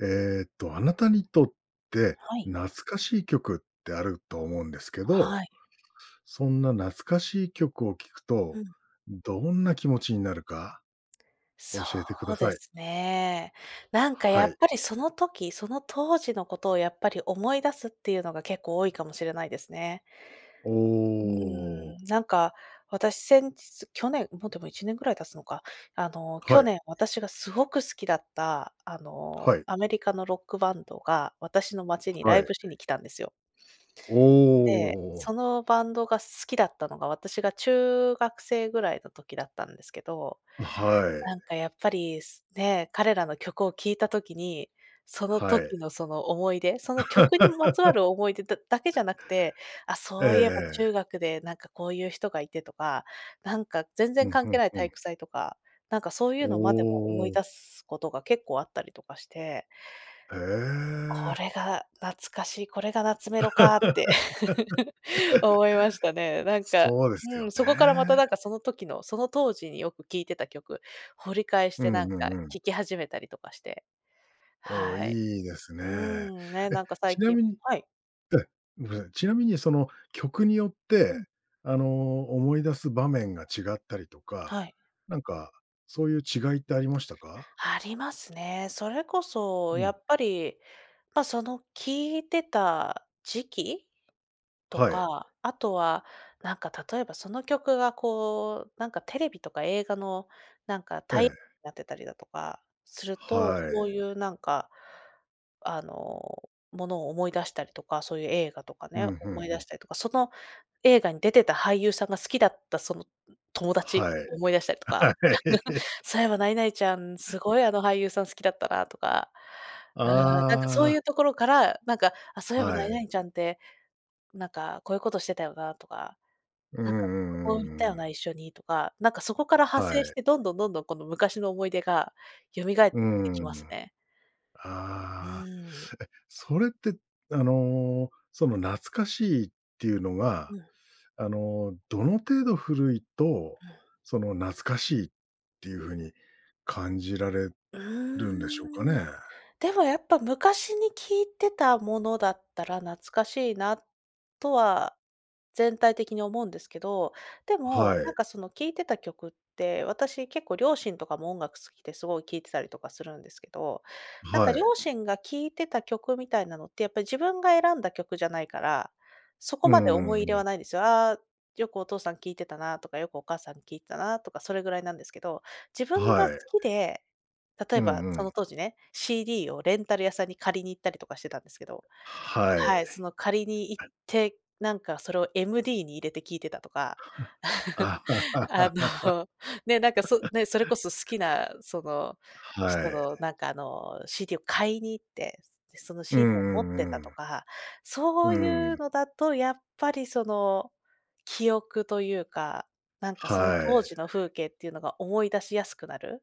えっと、あなたにとってはい。懐かしい曲ってあると思うんですけど、はい。そんな懐かしい曲を聴くうと、ん。どんな気持ちになるかそ教えてくだうでさい。すね。なんかやはっい。ぱりその時、その当時のことをやっぱり思い出すっていうのが結構多いかもしれないですね。おうーお。ん、なんか私、先日、去年も、でも1年ぐらい経つのか、あの去はい。年、私がすごく好きだったあのはい。アメリカのロックバンドが私の街にラはイい。ブしに来たんですよ。おで、お。そのバンドが好きだったのが、私が中学生ぐらいの時だったんですけど、はない。んかやっぱり、ね、彼らの曲を聴いた時に、そのはい。時のその思い出、その曲にまつわ る思い出だだけじゃなくて、あ、ええそういえばええ。中学でなんかこういう人がいてとか、なんか全う然ん関う係んないう体ん。育祭とか、なんかそういうおのまでも思いお。出すことが結構あったりとかしてへこえ。れが懐かしい。これがナツメロかって。思いましたね。なんか、そうですうよん。そこからまたね。なんかその時の、その当時によく聴いてた曲、掘り返しうてんなんうかんうん。聴き始めたりとかして。おお、はい、いいですうーね。ん、ね、え、なんか最ちな近みに、はいえめんなさい。ちなみにその曲によっうてん。あの、思い出す場面が違ったりとか、はい。なんかそういう違いってありましたか？ありますね。それこそうやん。っぱり、ま、その聴いてた時期とはい。か、あとはなんか例えばその曲がこう、なんかテレビとか映画のなんかえタイえ。なってたりだとかすると、はそうい。いうなんか、あの、ものを思い出したりとか、そういう映画とかうね、ん、ふん思いふ出ん。したりとか、その映画に出てた俳優さんが好きだった、その、ん、友達はい。思い出したりとか、はい。そういえば何々ちゃん、すごいあの俳優さん好きだったなとか。ああ、なんかそあうあ。いうところから、なんか、あ、そういえばは何い。々ちゃんってなんかこういうことしてたよなとか、うんなうんかこんこ行うったんようん。な、一緒に、とか、なんかそこから派は生しい。てどんどんこの昔の思い出が蘇っうーてきますん、ね。うああ。え、ーん。それってあの、その懐かしいっていうのは、うん。あの、どの程度古いとうん。その懐かしいっていうふうに感じられうるんでしょうかーん、ね？でもやっぱ昔に聞いてたものだったら、懐かしいなとは全体的に思うんですけど、でもはなんい。かその聴いてた曲って私、結構両親とかも音楽好きですごい聴いてたりとかするんですけど、なんかはい。両親が聴いてた曲みたいなのってやっぱり自分が選んだ曲じゃないから、そこうまで思いんう入んれうはん。ないんですよ。ああ、よくお父さん聴いてたなとか、よくお母さんに聴いてたな、とかそれぐらいなんですけど。自分はが好い。きで、例うえば、んうそのん。当時ね、CD をレンタル屋さんに借りに行ったりとかしてたんですけど、ははい、そい。の借りに行って、なんかそれを MD に入れて聴いてたとか。あ のね、なんかそ、ね、それこそ好きなそのは人い。のなんかあの CD を買いに行って、そのうん CD を持っうてんうたとん。か、そううーいうん。のだとやっぱりその記憶というか、なんかそのは当い。時の風景っていうのが思い出しやすくなる、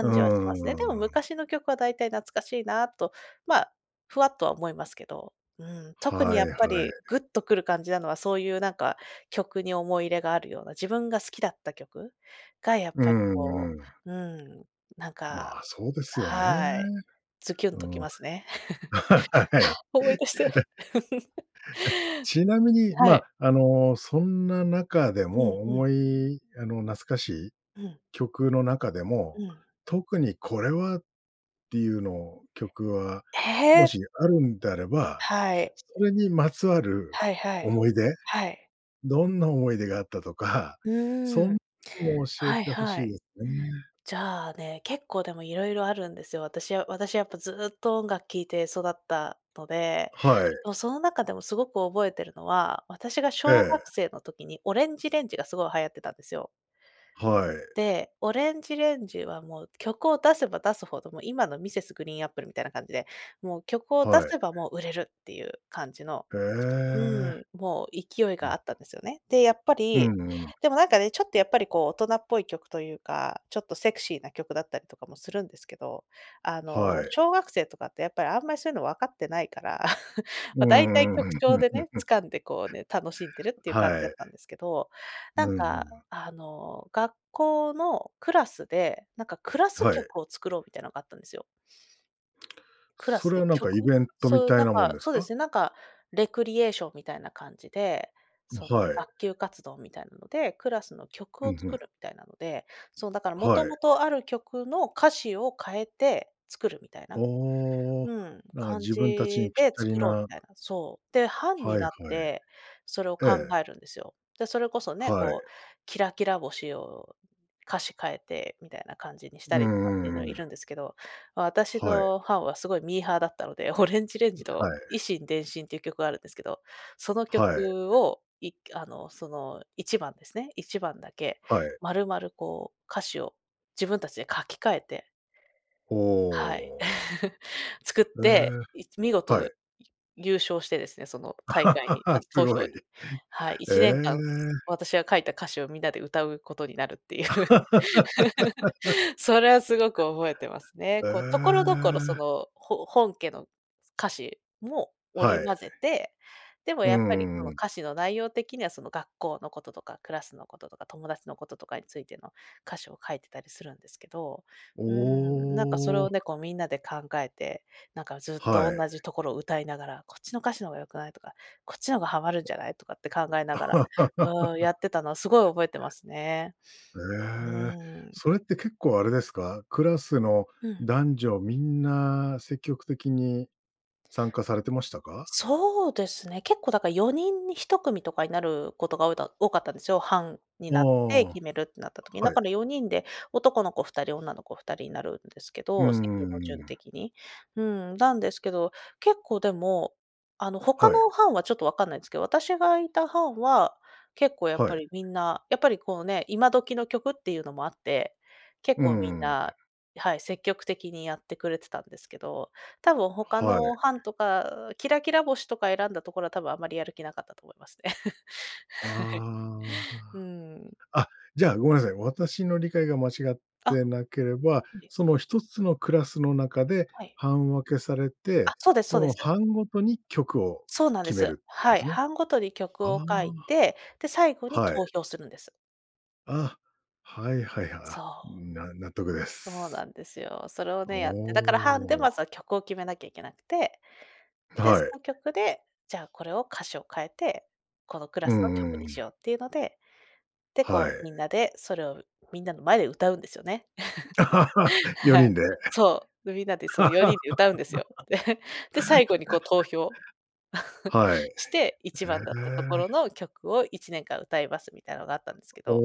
うーじはしますね。でもん。昔の曲はだいたい懐かしいなあと、まあ、ふわっとは思いますけど、うん。特にはやっいぱはい。りグッとくる感じなのはそういうなんか曲に思い入れがあるような、自分が好きだった曲がやっうぱりこんうん。う、うーん、なんかまあ、そうですよね。はい。ズキュンうときん。ますね。はい。え。え、は、思い出して。ちなみに、まはい。あ、あのそんな中でうんも、うん。思いあの懐かしいうん。曲の中でも、うん。特に、これはっていうの曲はもええ。しあるんであれば、はい。それにまつわるはいはい、思い出、はい。どんな思い出があったとか、うそーんん。なのも教えはてい欲しはいい。ですね。じゃあね、結構でも色々あるんですよ。私は私、やっぱ、ずっと音楽聴いて育ったので。はい。の、その中でもすごく覚えてるのは、私がえ小学え。生の時にオレンジレンジがすごい流行ってたんですよ。はい。で、オレンジレンジはもう曲を出せば出すほど、もう今のミセスグリーンアップルみたいな感じで、もう曲を出はい。せばもう売れるっていう感じの、へうえ。ーん、もう勢いうがあん。ったんですよね。で、やっぱうり、んうん。でもなんかね、ちょっとやっぱりこう大人っぽい曲というか、ちょっとセクシーな曲だったりとかもするんですけど、あはのい。小学生とかってやっぱりあんまりそういうの分かってないから、うま、だいたいー曲ん。調でね、掴んでこうね、楽しんでるっていう感じはだっい。たんですけど、なんうんうかん。あの学校のクラスで、なんかクラスはい。曲を作ろうみたいなのがあったんですよ。クラそスれではなんかイ曲、ベントみそうたないんなもんか、ですそうでか？すね、なんかレクリエーションみたいな感じで、そのはい。学級活動みたいなので、クラスの曲うをん、ふ作ん。るみたいなので。そうだからもはとい。もとある曲の歌詞を変えて作るみたいな。おお、うん。なんか感自分たちにじぴっでたり作ろうみなたいな。そう。で、班はにいはい。なって、それをえ考え。えるんですよ。で、それこそね、はい。こうキラキラ星を歌詞変えてみたいな感じにしうたりとかっていうんうのはんいうるんん。ですけど、私はい。の班はすごいミーハーだったので、オレンジレンジはとい。以心伝心っていう曲があるんですけど、その曲はい。をいっくあのその1番ですね、1番だけはい。丸々こう歌詞を自分たちで書き換えてはい。ほう。作っえて、え。いち見は事い。ゆ優勝してですね、その大会に あす投ご票い。へに。はい、1年間え。私が書いた歌詞をみんなで歌うことになるっていう。それはすごく覚えてます ね。えこう、所々そえ。のほ本家の歌詞もは織りい。混ぜて、でもうやっぱりんこうのんうん。歌詞の内容的にはその学校のこととか、クラスのこととか、友達のこととかについての歌詞を書いてたりするんですけど、うーん。なんかそれおをお。ね、こうみんなで考えて、なんかずっとはい。同じところを歌いながら「こっちの歌詞の方が良くない」とか「こっちの方がハマるんじゃない」とかって考えながら、うーん、や ってたのはすごい覚えてますね。うええ、ーん。それって結構あれですか、クラスのうん。男女みんな積極的に参加されてましたか？そうですね。結構だから4人に1組とかになることがおおだ多かったんですよ。班にああ、なっては決めるってなった時に。だい。から4人で男の子2人女の子2人になるんですけうんど、席うんうのん順うん。的に。うん。なんですけど、結構でもあの他はい。の班はちょっとわかんないんですけど、私がいた班は結構やっはぱい。りみんな、やっぱりこうね、今時の曲っていうのもあって結うー構みんん。な、はい。積極的にやってくれてたんですけど。多分他はい。の班とかキラキラ星とか選んだところは多分あんまりやる気なかったと思いますね。はい。あうーん。あ。あ、じゃあ、ごめんなさい、私の理解が間違っあ、てなければ、はい。その1つのクラスの中ではい。班分けされあ、て、そうですそうそでのす。班ごとに曲をそうなんで決めす。るってことはでい。すね。班ごとに曲あを書いあ、て、で、最後には投い。票するんです。あ、はいはい、は、そあ、う。な納得でそうす。なんですよ。それをおね、やって。だから班でお。まずは曲を決めなきゃいけなくて、で、はそい。の曲で、じゃあ、これを歌詞を替えて、このクラうスのんうん曲うにしよん。うっていうので、で、はこう、みんい。なで、それをみんなの前で歌うんですよね。よはい。にんで。そう。で、みんなで、その、4人で歌うんですよ。で、で、最後に、こう、投票 はい。えして、一番だったところえ。の曲を1年間歌いますみたいのがあったんですけど。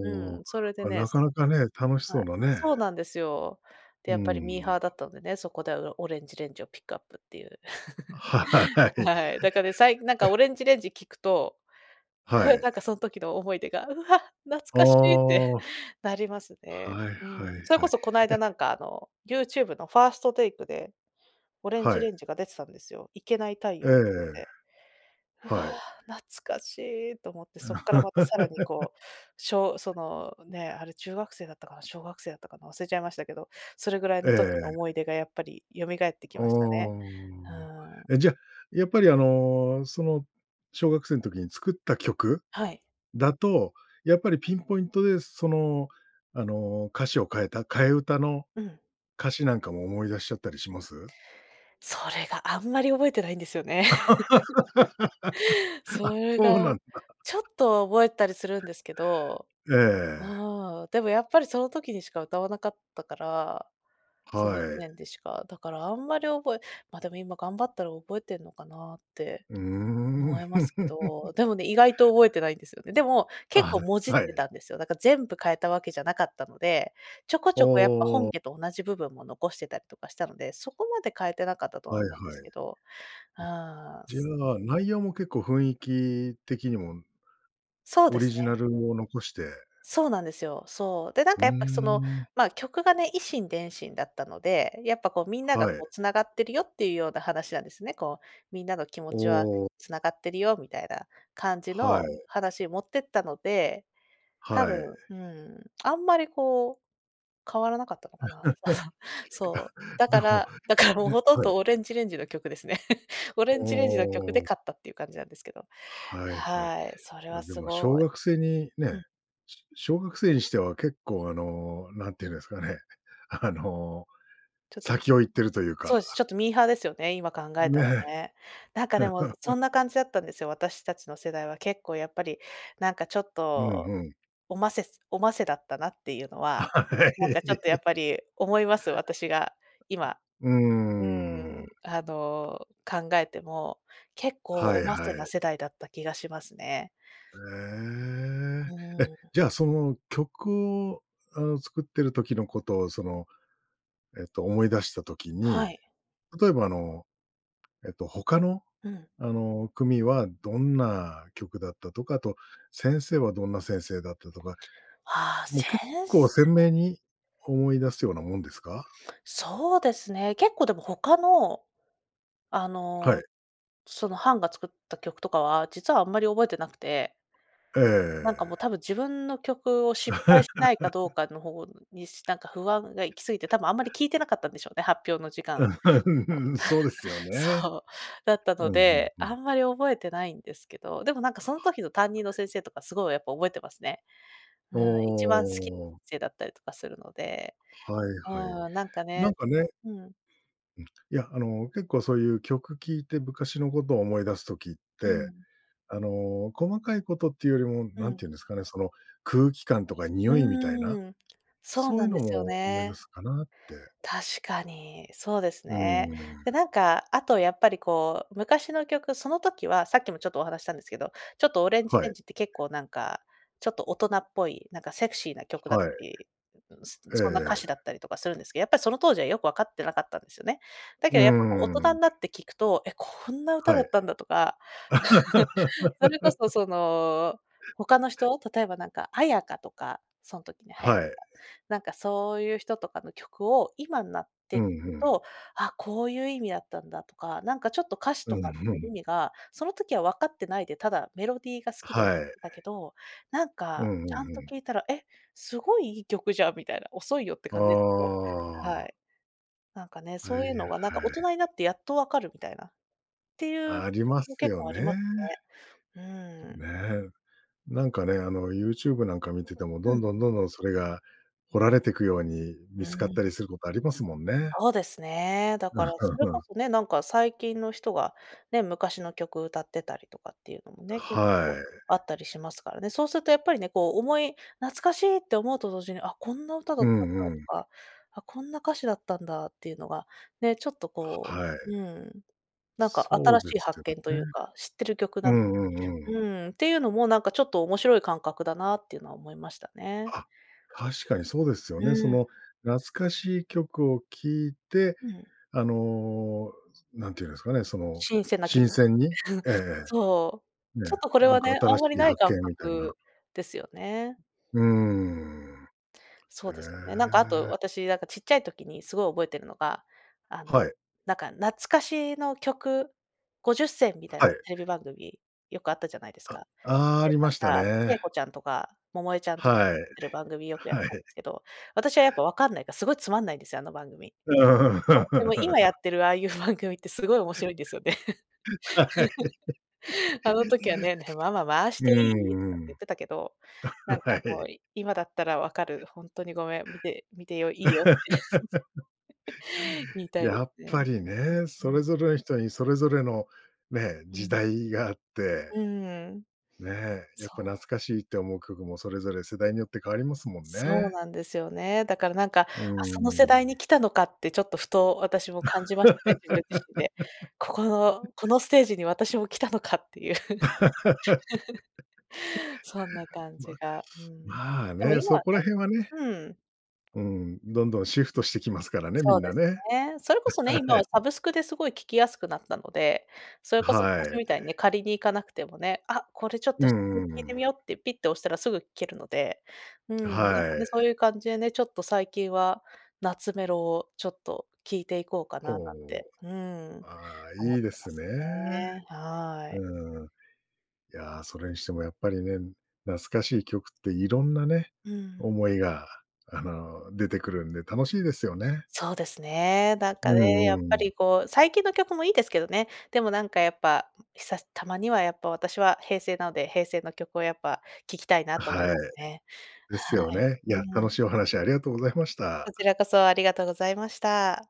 うーお、ん、それであ、ね、なかすなかね、楽しはそうい、だね。そうなんですよ。うで、ーやっぱりミーん。ハーだったんでね、そこでうろ ORANGE RANGE をピックアップっていう。あ、はい。えははい、だかね、さいなんか、ORANGE RANGE 聞くと、は い。なんか、その時の思い出が「うわ、懐あかしい！」っあ。て、なりますね、はいうはいはん。それこい。そ、こないだ、えなんか、あの、YouTube のファーストテイクで、ORANGE はい。RANGE が出てたんですよ「イケナイ太え陽」とかえ。で。「うわ、はい。懐かしい」と思って、そっからまたさらに、こう、小その、ね、あれ中学生だったかな、小学生だったかな、忘れちゃいましたけど、それぐらいえの時のえ。思い出がやっぱり蘇ってきおましたね。お。ふーん。え、じゃ、やっぱり、あの、その小学生の時に作った曲はい。だと、やっぱりピンポイントで、その、あの、歌詞を替えた替え歌のうん。歌詞なんかも思い出しちゃったりします？それが、あんまり覚えてないんですよね。あ、それそうなが、んだ。ちょっ とは覚えたりするんですけど、ええ。ああ、でもやっぱりその時にしか歌わなかったから、そはのいちい。ねんでしか、だからあんまり覚えま、でも今頑張ったら覚えてんのかなってうー思ん。いますけど、でもね、意外と覚えてないんですよね。でも、結あ構もじあ、っはてい。たんですよ。だから全部替えたわけじゃなかったので、ちょこちおょこやっぱ本お。家と同じ部分も残してたとかしたので、そこまで変えてなかったとははいは思うんでい。すうけど。うーじん。ぬのは内容も結構、雰囲気的にもそうオでリすジナね。ルを残してそうなんですよ。そう。で、なんうか、ーやっぱ、その、ん。まあ、曲がね「以心電信」だったので、やっぱ、こう、みんなが、はい。こう、繋がってるよっていうような話なんですね。こう、みんなの気持おちはお。繋がってるよみたいな感じはのい。話に持ってったので、多はい。分、うーん、あんまり、こう、変わらなかったかかな。あ だの、そう、だでかも、らだかちらもうね、ほとんはい。ど ORANGE RANGE の曲ですね。お ORANGE RANGE の曲でお。勝ったっていう感じなんですけど。はいはい。はい、それはま、ですも小ごい学生にうね、ん。し小学生にしては、結構、あの、なんて言うんですかね、あの、ちょっとぬ先を行ってるというそうでか。す、ちょっとミーハーですよね、今考えたらねえ。ね。なんか、でも、そんな 感じだったんですよ、私たちの世代は、結構やっぱり、なんか、ちょっうん、と、ふん。おませすおませだったなっていうのあ、は、はなんか、ちょっと、やっい。ぱり思います、私が、今、うううーーん、ん。あの、考えても、結構はおいまはせない。世代だった気がしますね。うええ。え、ーん。じゃ、その、曲を、あの、作ってる時のことを、その、えっと、思い出した時に、はい。例えば、あの、えっと、他の、うん。あの、組はどんな曲だったとか、あと、先生はどんな先生だったとか、ああ、もセう結ン構ス鮮明に思い出すようなもんですか？そうですね。結構、でも、他の、あはい。の、その、班が作った曲とかは、実はあんまり覚えてなくてえなんか、もえ。う、多分、自分の曲を失敗しないかどう かの方に、しなんか不安が行きすぎて、多分あんまり聴いてなかったんでしょうね、発表の時間。うこーうん、そうですよ ね。そう。だったのうん、ふんで、ふあん。んまり覚えてないんですけど、でも、なんか、その時の担任の 先生とかすごいやっぱ覚えてますね。はおい、一番好きお。せいだったりとかするので。はいはい。うーん、なんかねなんかねうん。うん、いや、あの、結構そういう曲聴いて昔のことを思い出す時っうて、ん。あの、細かいことっていうよりも、う何ん。て言うんですかね、その、空気感とか匂いみたいな、うーん。そうそういなうんでのすよも思い出ね。すかなって。確かに、そうですうーね。で、ん。なんか、あと、やっぱり、こう、昔の曲その時はさっきもちょっとお話したんですけど、ちょっと ORANGE はい。RANGE って結構なんか、ちょっと大人っぽい、なんかセクシーな曲だっはたい。り、ん、ん、ん、えそんな歌え。詞だったりとかするんですけ、やっぱりその当時は、よくわかってなかったんですよね。だうけど、やっぱ、こう、ー大人ん。になって聴くと「え、こんな歌はだい。ったんだ」とか、それこそ、その、他の人、例えばなんか、絢香とか、そん時に流行っはい。た、なんか、そういう人とかの曲を、今んなっうてん、ふくん。と「あ、こういう意味だったんだ」とか、なんかちょっと歌詞うとかん、ふ 意ん。味が、その時は分かってないで、ただメロディーが好きで歌はっい。てたけど、なんうんか、うちん、ゃふんとん。聴いたら「え、すごいいい曲じゃん」みたいな、遅いよってあ感じですけど。はあ。い。なんかね、はいはそういうのい。が、なんか、大人になってやっと分かるみたいな、っていうあり曲まもす結よ構ありまね。ね。うーん。んねえ。なんかね、あの、YouTube なんか見てても、うどん。んどんどんどん、それが、掘られてくように、う見ーつかったん。りすることありますもんね。そうですね。だからそれこ そね、なんか、最近の人がね、昔の曲歌ってたりとかっていうのもあ、ね、結は構い。あったりしますからね。そうするとやっぱりね、こう、思い懐かしいって思うと同時に「あ、こんな歌だうったんだ」とんうん。か、「あ、こんな歌詞だったんだ」っていうのがね、ちょっとはこはう、い。うん、なんか、そ新うでしいす発よ見といね。うか、知ってる曲うなの、んうんううん。ーん、ていうのも、なんかちょっと面白い感覚だなっていうのは思いましたね。あ、確かにそうですようね。そーん。の、懐かしい曲を聴いて、うん。あの、なんて言うんですかね、その、新鮮な気持新ち。鮮に ええええ。そう。ね、ちょっとこれなんはかね、あ新んましりいない発感見みたいな。覚ですよね。うーん。そえうですよね。なんか、あと、え。私、なんか、ちっちゃい時に、すごい覚えてるのが、あの、はい。なんか、懐かしの曲50選、みたいはない。テレビ番組、よくあったじゃないですあ、か。ああ、あで、りましたなんか、ちえね。こちゃんとか、百恵ちゃんとか、はい。やってる番組よくやっはたんでい。すけど、私はやっぱ分かんないから、すごいつまんないんですよ、あの番組。うそう。でもー今やっん。てるああいう番組って、すごい面白いんですよね。は い。あの時はね「へ、ママ回しうていい？」とかっんてう言ん。ってたけど、なんあ、か、はもい。う、い今だったら分かる。「ほんっとにごめん。見て見てよ、いいよ」って、言いたいでやっすね。ぱりね、ううそん。れぞれの人に、それぞれの、ね、う時ん。代があって、うーん。ね、やっそぱう。懐うかしいって思う曲も、それぞれ世代によって変わりますもんそうね。なんですよね。だからなんか、あ、うーその世代ん。に来たのかって、ちょっと、ふと私も感じましたね、自分自身で。ここ の、このステージに私も来たのかっていう。そんな 感まじが、うん。まあでもね、今はそねこら辺はねうん。うん、どんどんシフトしてきますからね、みそんうでなすね。ね。それこそね、は今はい。サブスクですごい聴きやすくなったので、それうこそは昔い。みたいに借りに行かなくてもね、あ、これちょっとう久しんぶりうんうに聞いてん。みようってピッて押したらすぐ聴けるので。うーん、なんはかね、い。そういう感じでね、ちょっと最近は、ナツメロをちょっと聴いていこうかななんほて、う。うーん、ああ、思っいいでてますね。すね。はい。うーん。いや、それにしてもやっぱりね、懐かしい曲っていろんなね、うーん。思いが、あの、出てくるんで、楽しいですよね。そうですね。なんうかんね、うんやっうぱん。り、こう、最近の曲もいいですけどね。でも、なんか、やっぱ、ひさすたまにはやっぱ、私は平成なので、平成の曲をやっぱ聞きたいなあ、と思いはい。まね。ではすよい。ね。いや、うーん。楽しいお話ありがとうございましこた。ちらこそ、ありがとうございました。